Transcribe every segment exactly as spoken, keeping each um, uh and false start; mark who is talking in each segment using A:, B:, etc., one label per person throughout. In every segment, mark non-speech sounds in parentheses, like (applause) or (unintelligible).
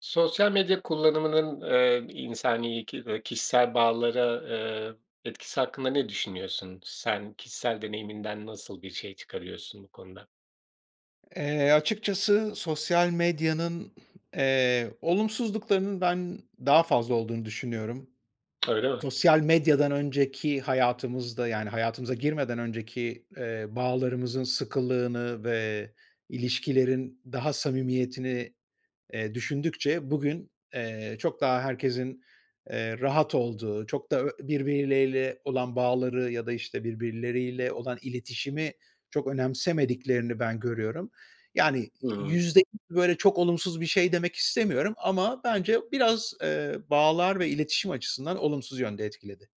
A: Sosyal medya kullanımının, eee, insani ki eee, kişisel bağlara, ııı, etkisi hakkında ne düşünüyorsun? Sen kişisel deneyiminden nasıl bir şey çıkarıyorsun bu konuda?
B: Eee, açıkçası sosyal medyanın, (clears throat) eee, olumsuzluklarının ben daha fazla olduğunu düşünüyorum.
A: Öyle mi?
B: Sosyal medyadan önceki hayatımızda, yani hayatımıza girmeden önceki, eee, bağlarımızın sıkılığını ve ilişkilerin daha samimiyetini, eee, düşündükçe bugün, eee, çok daha herkesin, eee, rahat olduğu, çok da birbiriyle olan bağları ya da, işte, birbirleriyle olan iletişimi çok önemsemediklerini ben görüyorum. Yani
A: Hı hı.
B: yüzde... Böyle çok olumsuz bir şey demek istemiyorum ama bence biraz, eee, bağlar ve iletişim açısından olumsuz yönde etkiledi.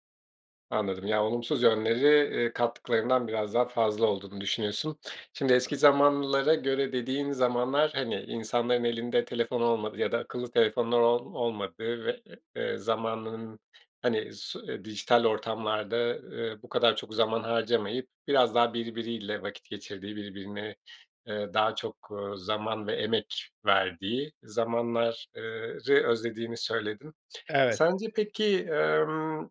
A: Anladım. Ya, olumsuz yönleri, eee, kattıklarından biraz daha fazla olduğunu düşünüyorsun. Şimdi eski zamanlara göre dediğin zamanlar, hani, insanların elinde telefon olmadığı ya da akıllı telefonlar ol olmadığı ve, eee, zamanının, hani, s dijital ortamlarda, eee, bu kadar çok zaman harcamayıp biraz daha birbiriyle vakit geçirdiği, birbirine, eee, daha çok, ııı, zaman ve emek verdiği zamanlar eee, ı özlediğini söyledin.
B: Evet.
A: Sence peki, emm,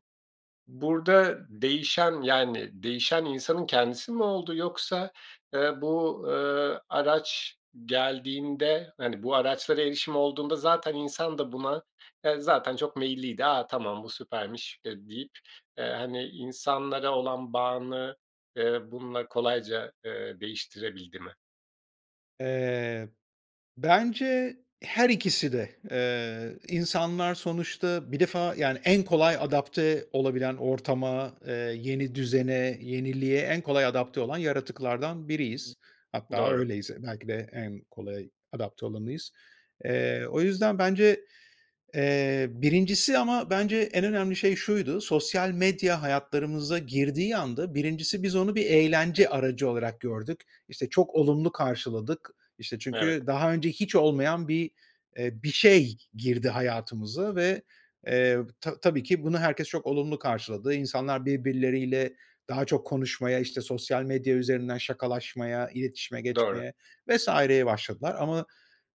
A: burada değişen yani değişen insanın kendisi mi oldu? Yoksa, eee, bu, eee, araç geldiğinde, hani, bu araçlara erişim olduğunda zaten insan da buna yani zaten çok meyilliydi. A, tamam bu süpermiş, ııı, deyip, eee, hani, insanlara olan bağını, eee, bununla kolayca, ııı, değiştirebildi mi?
B: Eee, bence her ikisi de. Eee, insanlar sonuçta bir defa, yani, en kolay adapte olabilen ortama, eee, yeni düzene, yeniliğe en kolay adapte olan yaratıklardan biriyiz. Hatta
A: Doğru.
B: öyleyiz, eee, belki de en kolay adapte olanıyız. Eee, o yüzden bence, eee, birincisi ama bence en önemli şey şuydu, sosyal medya hayatlarımıza girdiği anda birincisi biz onu bir eğlence aracı olarak gördük, işte, çok olumlu karşıladık, işte,
A: Evet.
B: çünkü daha önce hiç olmayan bir, eee, bir şey girdi hayatımıza ve, eee, ta tabii ki bunu herkes çok olumlu karşıladı. İnsanlar birbirleriyle daha çok konuşmaya, işte, sosyal medya üzerinden şakalaşmaya, iletişime
A: Doğru.
B: geçmeye vs. ye başladılar ama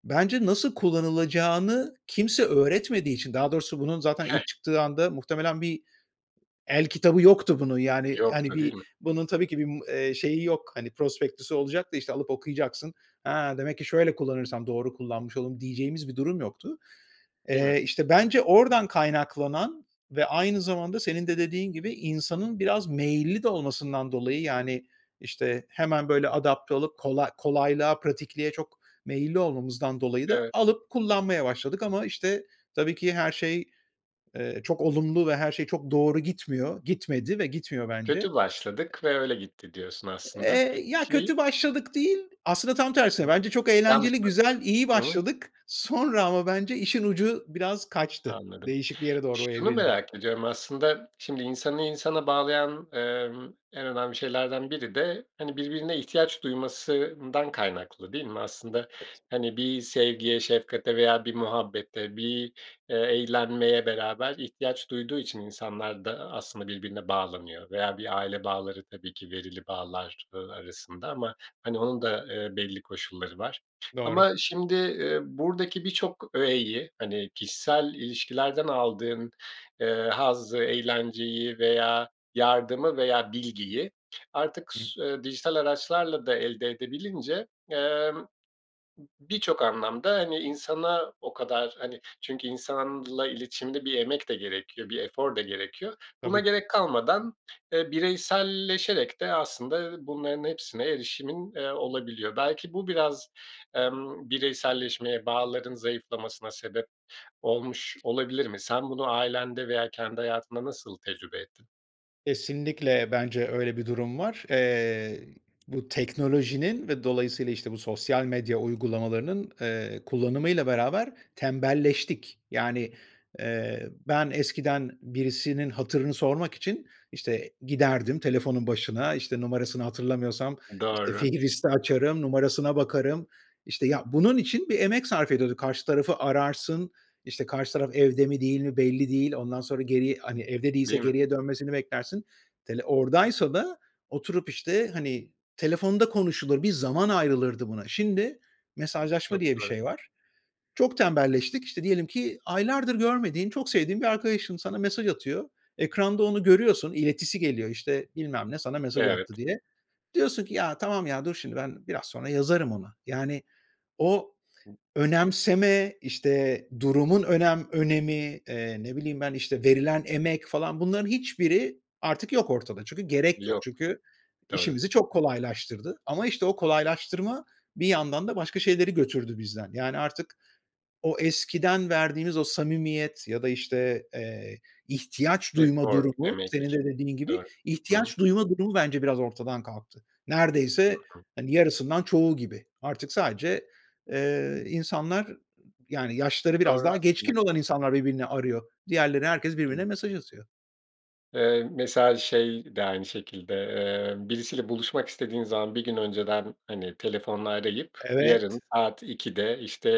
B: bence nasıl kullanılacağını kimse öğretmediği için, daha doğrusu bunun zaten ilk çıktığı anda muhtemelen bir el kitabı yoktu bunun, yani, hani,
A: Yoktu, değil
B: bir
A: mi?
B: bunun tabii ki bir, ım eee, şeyi yok, hani, prospektüsü olacak da işte alıp okuyacaksın, ha demek ki şöyle kullanırsam doğru kullanmış oldum, diyeceğimiz bir durum yoktu.
A: Değil mi?
B: Eee, işte, bence oradan kaynaklanan ve aynı zamanda senin de dediğin gibi insanın biraz meyilli de olmasından dolayı, yani, işte, hemen böyle adapte olup kola kolaylığa, pratikliğe çok meyilli olmamızdan dolayı da
A: Evet.
B: alıp kullanmaya başladık ama, işte, tabii ki her şey, eee, çok olumlu ve her şey çok doğru gitmiyor, gitmedi ve gitmiyor bence.
A: Kötü başladık ve öyle gitti diyorsun aslında
B: Eee, ya kötü
A: (unintelligible)
B: başladık değil, aslında tam
A: Hı
B: tersine
A: hı.
B: bence çok eğlenceli,
A: Yanlıştır.
B: güzel, iyi
A: Hı hı.
B: başladık, sonra ama bence işin ucu biraz kaçtı.
A: Anladım.
B: Değişik bir yere doğru
A: Şunu
B: evrildi.
A: merak ediyorum aslında, şimdi insanı insana bağlayan, emm, en önemli şeylerden biri de, hani, birbirine ihtiyaç duymasından kaynaklı değil mi? Aslında,
B: (unintelligible)
A: hani, bir sevgiye, şefkate veya bir muhabbete bir, eee, eğlenmeye beraber ihtiyaç duyduğu için insanlar da, aslında, birbirine bağlanıyor veya bir aile bağları tabii ki verili bağlar, ııı, arasında ama, hani, onun da, eee, belli koşulları var.
B: Doğru.
A: Ama şimdi, ııı, buradaki birçok öğeyi, hani, kişisel ilişkilerden aldığın, eee, hazzı, eğlenceyi veya yardımı veya bilgiyi artık s dijital araçlarla da elde edebilince, emm, b birçok anlamda, hani, insana o kadar, hani, çünkü insanla iletişimde bir emek de gerekiyor. Bir efor da gerekiyor. Buna
B: Tabii.
A: gerek kalmadan, eee, bireyselleşerek de aslında bunların hepsine erişimin, eee, olabiliyor. Belki bu biraz, emm, bireyselleşmeye, bağların zayıflamasına sebep olmuş olabilir mi? Sen bunu ailende veya kendi hayatında nasıl tecrübe ettin?
B: Kesinlikle, bence öyle bir durum var. Eee, bu teknolojinin ve dolayısıyla, işte, bu sosyal medya uygulamalarının, eee, kullanımıyla beraber tembelleştik. Yani, eee, ben eskiden birisinin hatırını sormak için, işte, giderdim telefonun başına, işte, numarasını hatırlamıyorsam, işte,
A: Doğru.
B: fihristi açarım, numarasına bakarım, işte, ya, bunun için bir emek sarf ediyorduk. Karşı tarafı ararsın, işte, karşı taraf evde mi değil mi belli değil, ondan sonra geriye, hani, evde değilse
A: Değil mi?
B: geriye dönmesini beklersin, hani, oradaysa da oturup işte, hani, telefonda konuşulur bir zaman ayrılırdı buna. şindi "mesajlaşma"
A: Çok
B: diye bir
A: doğru.
B: şey var. Çok tembelleştik. İşte, diyelim ki, aylardır görmediğin, çok sevdiğin bir arkadaşın sana mesaj atıyor. Ekranda onu görüyorsun, iletisi geliyor, işte, "Bilmem ne sana mesaj
A: Evet.
B: attı" diye. Diyorsun ki "Ya, tamam, ya, dur şimdi, ben biraz sonra yazarım ona." Yani o
A: (unintelligible)
B: önemseme, işte, durumun önem önemi, eee, ne bileyim ben, işte, verilen emek falan bunların hiçbiri artık yok ortada. Çünkü gerek yok,
A: Yok.
B: çünkü
A: Doğru.
B: işimizi çok kolaylaştırdı ama, işte, o kolaylaştırma bir yandan da başka şeyleri götürdü bizden. Yani artık o eskiden verdiğimiz o samimiyet ya da, işte, eee, ihtiyaç duyma
A: Efor,
B: durumu,
A: emek.
B: senin de dediğin gibi,
A: Doğru. Hı hı.
B: ihtiyaç duyma durumu bence biraz ortadan kalktı.
A: Hı
B: Neredeyse,
A: hı.
B: hani, yarısından çoğu gibi. Artık sadece, eee, insanlar, yani yaşları biraz
A: Doğru
B: daha
A: aslında.
B: geçkin olan insanlar birbirini arıyor. Diğerleri, herkes birbirine
A: (unintelligible)
B: mesaj atıyor.
A: Eee, mesela şey de aynı şekilde, eee, birisiyle buluşmak istediğin zaman bir gün önceden, hani, telefonla arayıp
B: Evet.
A: "Yarın saat ikide işte,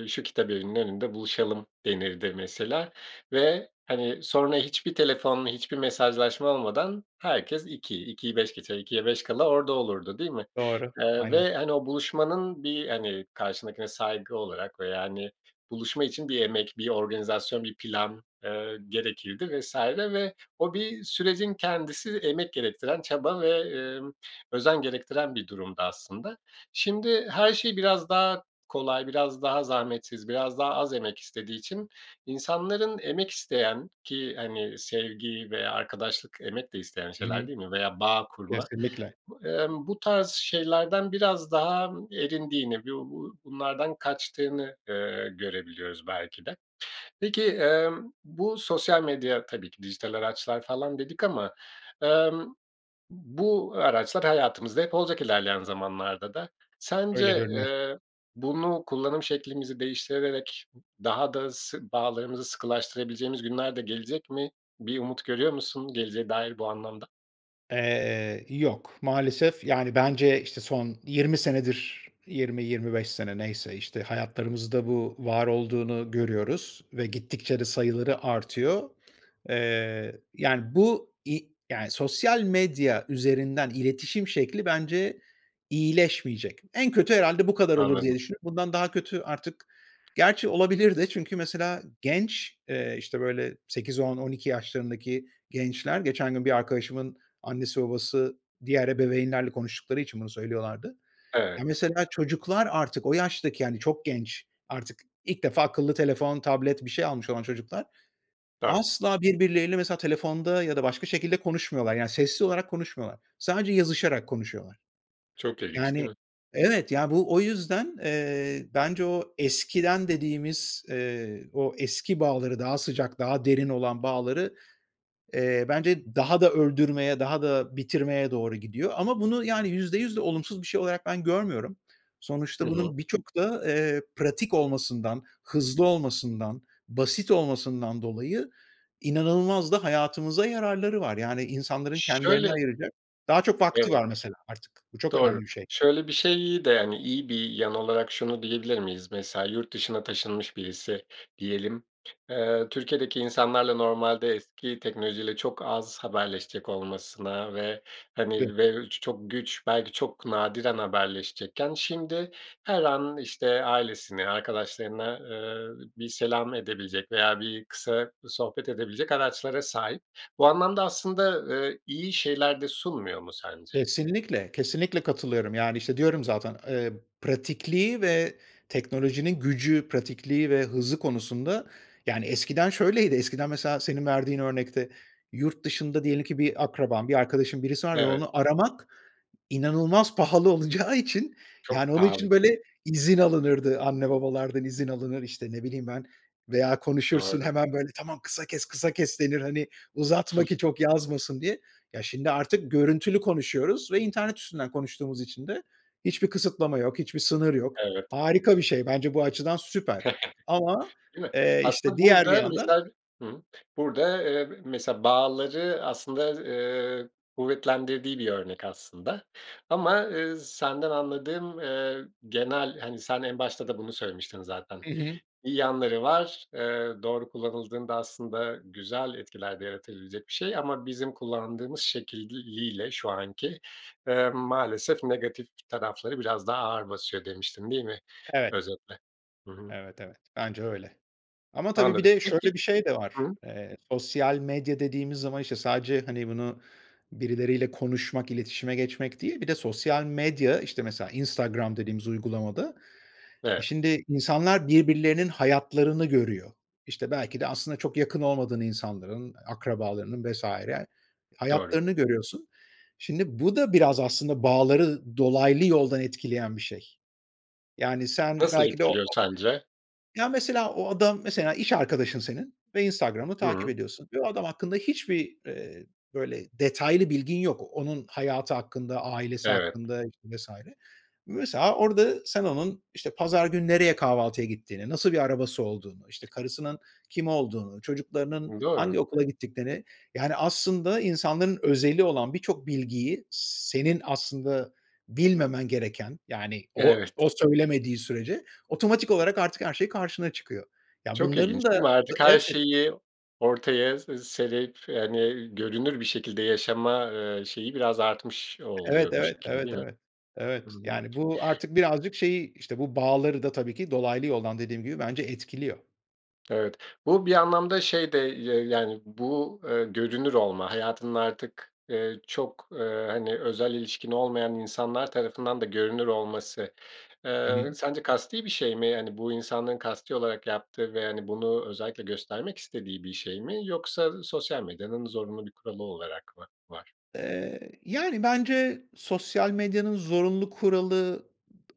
A: ııı, şu kitabevinin önünde buluşalım" denirdi mesela. Ve, hani, sonra hiçbir telefonla hiçbir mesajlaşma olmadan herkes iki, ikiyi beş geçe, ikiye beş kala orada olurdu, değil mi?
B: Doğru,
A: Eee,
B: aynen.
A: ve, hani, o buluşmanın bir, hani, karşındakine saygı olarak veya, hani, buluşma için bir emek, bir organizasyon, bir plan, ııı, gerekirdi vs. Ve o bir sürecin kendisi emek gerektiren, çaba ve, ııı, özen gerektiren bir durumdu aslında. Şimdi her şey biraz daha kolay, biraz daha zahmetsiz, biraz daha az emek istediği için insanların emek isteyen ki, hani, sevgi veya arkadaşlık emek de isteyen
B: Hı
A: şeyler,
B: hı,
A: değil mi? Veya bağ kurma,
B: kesinlikle.
A: ımm, bu tarz şeylerden biraz daha erindiğini, b-bu bunlardan kaçtığını, ııı, görebiliyoruz belki de. Peki, emm, bu sosyal medya tabii ki dijital araçlar falan dedik ama, emm, bu araçlar hayatımızda hep olacak ilerleyen zamanlarda da.
B: Öyle
A: Sence,
B: görünüyor.
A: eee, bunu kullanım şeklimizi değiştirerek daha da sı bağlarımızı sıkılaştırabileceğimiz günler de gelecek mi? Bir umut görüyor musun geleceğe dair bu anlamda?
B: Eee, yok, maalesef. Yani, bence, işte, son yirmi senedir, yirmi yirmi beş sene, neyse işte, hayatlarımızda bu var olduğunu görüyoruz ve gittikçe de sayıları artıyor. Eee, yani, bu i yani, sosyal medya üzerinden iletişim şekli bence iyileşmeyecek. “En kötü herhâlde bu kadar olur.”
A: Anladım.
B: diye düşündük. Bundan daha kötü artık, gerçi, olabilir de. Çünkü, mesela, genç, eee, işte, böyle sekiz on on iki yaşlarındaki gençler geçen gün bir arkadaşımın annesi babası diğer ebeveynlerle konuştukları için bunu söylüyorlardı. Ya,
A: Evet.
B: mesela, çocuklar artık o yaştaki, yani, çok genç, artık ilk defa akıllı telefon, tablet, bir şey almış olan çocuklar
A: Do
B: asla birbirleriyle, mesela, telefonda ya da başka şekilde konuşmuyorlar. Yani, sesli olarak konuşmuyorlar. Sadece yazışarak konuşuyorlar.
A: Çok ilginç
B: Yani,
A: değil mi?
B: evet, ya, bu o yüzden, eee, bence o eskiden dediğimiz, eee, o eski bağları, daha sıcak, daha derin olan bağları, eee, bence daha da öldürmeye, daha da bitirmeye doğru gidiyor ama bunu, yani, yüzde yüz de olumsuz bir şey olarak ben görmüyorum.
A: Hı
B: Sonuçta
A: hı.
B: bunun, birçok da, eee, pratik olmasından, hızlı olmasından, basit olmasından dolayı, inanılmaz da hayatımıza yararları var. Yani, insanların kendilerine
A: Şöyle.
B: ayıracak daha çok vakti
A: Evet.
B: var, mesela, artık. Bu çok önemli
A: Doğru.
B: bir şey.
A: Şöyle bir şeyi de, hani, iyi bir yan olarak şunu diyebilir miyiz? Mesela, yurt dışına taşınmış birisi diyelim. Eee, Türkiye’deki insanlarla, normaldeki teknoloji ile çok az haberleşecek olmasına ve,
B: (unintelligible)
A: hani, belki çok güç, belki çok nadiren haberleşecekken, şimdi her an, işte, ailesini, arkadaşlarına, eee, bir selam edebilecek veya bir kısa sohbet edebilecek araçlara sahip. Bu anlamda, aslında, eee, iyi şeyler de sunmuyor mu sence?
B: Kesinlikle, kesinlikle katılıyorum. Yani, işte, diyorum zaten, eee, pratikliği ve teknolojinin gücü, pratikliği ve hızı konusunda Yani, eskiden şöyleydi: Eskiden mesela, senin verdiğin örnekte, yurt dışında diyelim ki bir akraban, bir arkadaşın, birisi var ve
A: Evet.
B: onu aramak inanılmaz pahalı olacağı için, yani,
A: Çok
B: onun
A: pahalı
B: için
A: değil mi?
B: böyle izin alınırdı, anne babalardan izin alınır, işte, ne bileyim ben veya konuşursun,
A: Doğru.
B: hemen böyle, “Tamam, kısa kes, kısa kes,” denir, hani, "Uzatma ki çok yazmasın." diye. Ya, şimdi artık görüntülü konuşuyoruz ve internet üstünden konuştuğumuz için de hiçbir kısıtlama yok, hiçbir sınır yok.
A: Evet.
B: Harika bir şey. Bence bu açıdan süper ama,
A: (chuckles) Değil mi?
B: eee, işte
A: Aslında,
B: diğer bir
A: burada,
B: yandan
A: mesela, hımm, burada, eee, mesela, bağları aslında, eee, kuvvetlendirdiği bir örnek aslında ama, eee, senden anladığım, eee, genel, hani, sen en başta da bunu söylemiştin zaten.
B: Hı hı.
A: Bir yanları var. Eee, doğru kullanıldığında aslında güzel bir etkiler de yaratabilecek bir şey ama bizim kullandığımız şekliyle, şu anki, eee, maalesef, negatif tarafları biraz daha ağır basıyor, demiştin, değil mi,
B: Evet.
A: özetle? Hı hı.
B: Evet evet, bence öyle ama tabii bir
A: Anladım.
B: de
A: Peki.
B: şöyle bir şey de
A: Hı
B: var.
A: hı.
B: Eee, sosyal medya dediğimiz zaman, işte, sadece, hani, bunu birileriyle konuşmak, iletişime geçmek değil, bir de sosyal medya, işte, mesela, Instagram dediğimiz uygulamada,
A: Evet.
B: şimdi insanlar birbirlerinin hayatlarını görüyor. İşte, belki de aslında çok yakın olmadığın insanların, akrabalarının vs.
A: Doğru.
B: hayatlarını görüyorsun. Şimdi, bu da biraz aslında bağları dolaylı yoldan etkileyen bir şey. Yani, sen
A: Nasıl
B: belki de o
A: etkiliyor
B: o
A: sence?
B: Ya mesela, o adam, mesela, iş arkadaşın senin ve Instagram'ı takip
A: Hımm.
B: ediyorsun ve o adam hakkında hiçbir, eee, böyle detaylı bilgin yok. Onun hayatı hakkında, ailesi
A: Evet.
B: hakkında işte vs. Mesela, orada sen onun, işte, pazar günü nereye kahvaltıya gittiğini, nasıl bir arabası olduğunu, işte, karısının kim olduğunu, çocuklarının
A: Doğru.
B: hangi okula gittiklerine, yani, aslında insanların özeli olan birçok bilgiyi, senin aslında bilmemen gereken, yani, o
A: Evet.
B: o söylemediği sürece, otomatik olarak artık her şey karşına çıkıyor. Ya,
A: Çok ilginç
B: bunların
A: değil
B: da
A: mi? Artık her
B: evet
A: şeyi, ortaya serip, hani, görünür bir şekilde yaşama, eee, şeyi biraz artmış
B: Evet,
A: oluyor bu
B: evet,
A: şekilde,
B: evet, evet,
A: değil mi?
B: evet,
A: Hı
B: evet,
A: hı.
B: yani bu artık birazcık şeyi, işte, bu bağları da, tabii ki dolaylı yoldan, dediğim gibi bence etkiliyor.
A: Evet. Bu bir anlamda şey de ya yani, bu, eee, görünür olma, hayatının artık, eee, çok, eee, hani, özel ilişkin olmayan insanlar tarafından da görünür olması,
B: Hı
A: eee,
B: hı.
A: sence kasti bir şey mi? Yani bu insanların kasti olarak yaptığı ve, hani, bunu özellikle göstermek istediği bir şey mi? Yoksa sosyal medyanın zorunlu bir kuralı olarak mı var?
B: Eee, yani, bence sosyal medyanın zorunlu kuralı ıd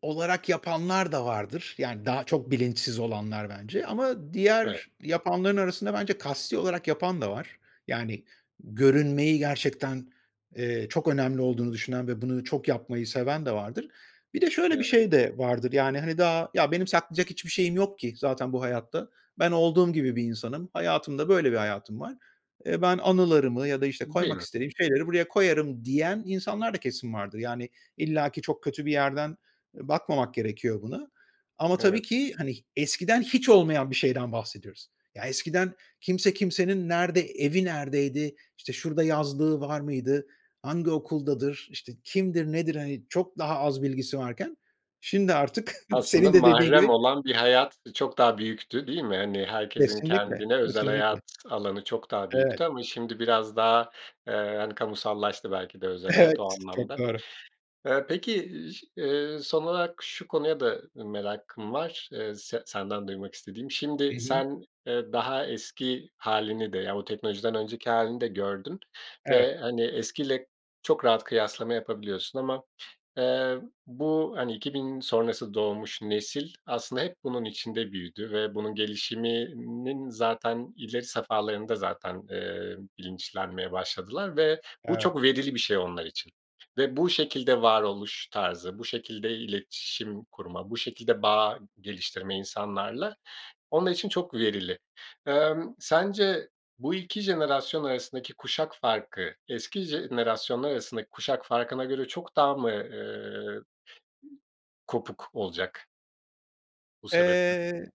B: olarak yapanlar da vardır. Yani daha çok bilinçsiz olanlar bence ama
A: Evet.
B: diğer yapanların arasında bence kasti olarak yapan da var. Yani görünmeyi gerçekten, eee, çok önemli olduğunu düşünen ve bunu çok yapmayı seven de vardır. Bir de şöyle bir
A: Evet.
B: şey de vardır: Yani, hani, daha, "Ya, benim saklayacak hiçbir şeyim yok ki zaten bu hayatta. Ben olduğum gibi bir insanım. Hayatım da böyle bir hayatım var. Ben anılarımı ya da, işte,
A: Değil
B: koymak
A: mi?
B: istediğim şeyleri buraya koyarım." diyen insanlar da kesin vardır. Yani illaki çok kötü bir yerden, eee, bakmamak gerekiyor buna. Ama tabii
A: Evet.
B: ki, hani, eskiden hiç olmayan bir şeyden bahsediyoruz. Ya, eskiden kimse kimsenin nerede evi neredeydi, işte, şurada yazlığı var mıydı, hangi okuldadır, işte, kimdir nedir? Hani, çok daha az bilgisi varken şimdi artık (giggles)
A: Aslında
B: senin de, dediğin
A: mahrem
B: gibi
A: olan bir hayat, ııı, çok daha büyüktü, değil mi? Hani, herkesin
B: Kesinlikle,
A: kendine özel
B: kesinlikle.
A: hayat alanı çok daha
B: Evet.
A: büyüktü ama şimdi biraz daha, eee, hani, kamusallaştı belki de özel hayat
B: Evet,
A: o
B: çok
A: anlamda.
B: doğru.
A: Eee, peki, ş eee, son olarak şu konuya da merakım var, eee, se senden duymak istediğim.
B: Hı
A: Şimdi,
B: hı.
A: sen, eee, daha eski hâlini de, yani o teknolojiden önceki hâlini de gördün
B: Evet.
A: ve, hani, eskiyle çok rahat kıyaslama yapabiliyorsun ama, eee, bu, hani, iki bin sonrası doğmuş nesil aslında hep bunun içinde büyüdü ve bunun gelişiminin zaten ileri safhalarında zaten, eee, bilinçlenmeye başladılar ve bu
B: Evet.
A: çok verili bir şey onlar için ve bu şekilde varoluş tarzı, bu şekilde iletişim kurma, bu şekilde bağ geliştirme insanlarla onlar için çok verili. Emm, sence bu iki jenerasyon arasındaki kuşak farkı, eski jenerasyonlar arasındaki kuşak farkına göre çok daha mı, eee, kopuk olacak bu sebeple?
B: Eee, ı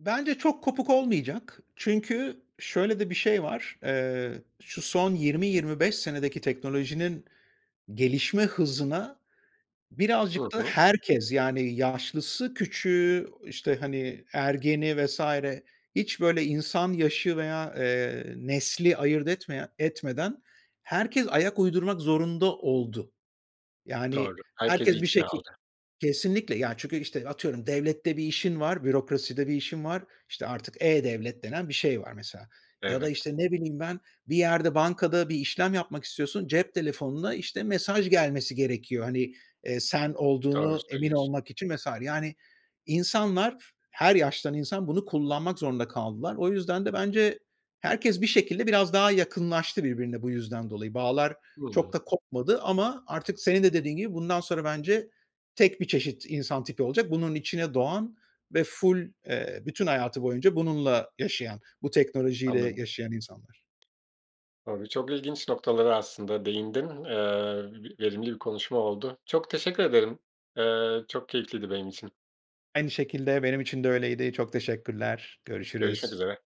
B: bence çok kopuk olmayacak. Çünkü şöyle de bir şey var: Eee, şu son yirmi yirmi beş senedeki teknolojinin gelişme hızına
A: Hı
B: birazcık da
A: hı.
B: herkes, yani yaşlısı, küçüğü, işte, hani, ergeni vs. hiç böyle insan yaşı veya, eee, nesli ayırt etmeyen etmeden herkes ayak uydurmak zorunda oldu. Yani
A: Doğru, herkesi
B: herkes bir şekil
A: (unintelligible)
B: Kesinlikle, yani, çünkü, işte, atıyorum, devlette bir işin var, bürokraside bir işin var, işte artık e-Devlet denen bir şey var mesela. Ya da,
A: Evet.
B: işte, ne bileyim, ben bir yerde bankada bir işlem yapmak istiyorsun. Cep telefonuna, işte, mesaj gelmesi gerekiyor. Hani, eee, sen
A: Doğru
B: olduğunu emin
A: söylüyorsun.
B: olmak için vs. Yani insanlar, her yaştan insan bunu kullanmak zorunda kaldılar. O yüzden de bence herkes bir şekilde biraz daha yakınlaştı birbirine bu yüzden dolayı. Bağlar çok
A: Hımm.
B: da kopmadı ama artık senin de, dediğin gibi, bundan sonra bence tek bir çeşit insan tipi olacak. Bunun içine doğan ve ful, eee, bütün hayatı boyunca bununla yaşayan, bu teknolojiyle
A: Anladım.
B: yaşayan insanlar.
A: Tabii, çok ilginç noktalara aslında değindin, eee, v verimli bir konuşma oldu. Çok teşekkür ederim. Eee, çok keyifliydi benim için.
B: Aynı şekilde, benim için de öyleydi. Çok teşekkürler,
A: Görüşmek
B: görüşürüz.
A: üzere.